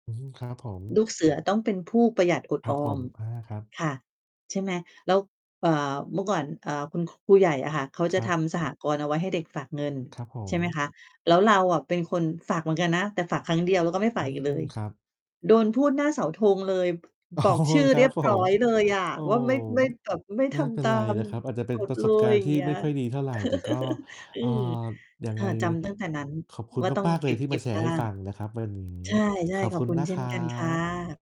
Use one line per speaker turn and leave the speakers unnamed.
อืม ครับผม
ลูกเสือต้องเป็นผู้ประหยัดอด
ครั
อ
บผ
อ
ม
ม
อา ครับ
ค่ะ ใช่ไหม แล้ว เอ่อ เมื่อก่อน อ่า คุณ ครูใหญ่อะค่ะ เขา
ค
จะ
รับ
ทำสหกรณ์เอาไว้ให้เด็กฝากเงิน
ครับผ
ใช่ไหมค
ม
ะ แล้วเราอะเป็นคนฝากเหมือนกันนะ แต่ฝากครั้งเดียว แล้วก็ไม่
อ
ฝ
ื
ากอี
ม
กเลย
ครับ
โดนพูดหน้าเสาธงเลย
อ๋อ
บอกชื่อ
ค
เ
ร
ร
ั
ี
บ
ยบ
ผ
ร้อ
ม
ยเลยอะ
โอ๋
ว่า ไม่-ไม่แบบ ไม่
ไ
ท
ม่เป็
ำ ต
น
า
ไร
ม
นะครับ อาจจะเป็
ก
น
ฎ
ประ
เล
สบกา
ย
รณ
อย
์
่
ท
า
ี
ง
่
เงี้
ไ
ย
ม่ค่อยดีเท่าไร แต่ก็
เออ
เอ่อ ยัง
ค
ไ
่
ง
ะ จำ ตั้ง แต่นั้น
ขอบคุณ
ว่าต้อง
มาก ๆ เ
เ
ล
ก
ยที่ม
็
า
บ
แช
ๆ
ร
บ
์
้
ให
า
้
ง
ฟังนะครับวันนี้
ใช่
ขอบ
ๆ ข
ค
อ
ุ
บ
ณ
คุณ
นะ
เช
ค
่
ร
น
ั
กันค่
บ
ะ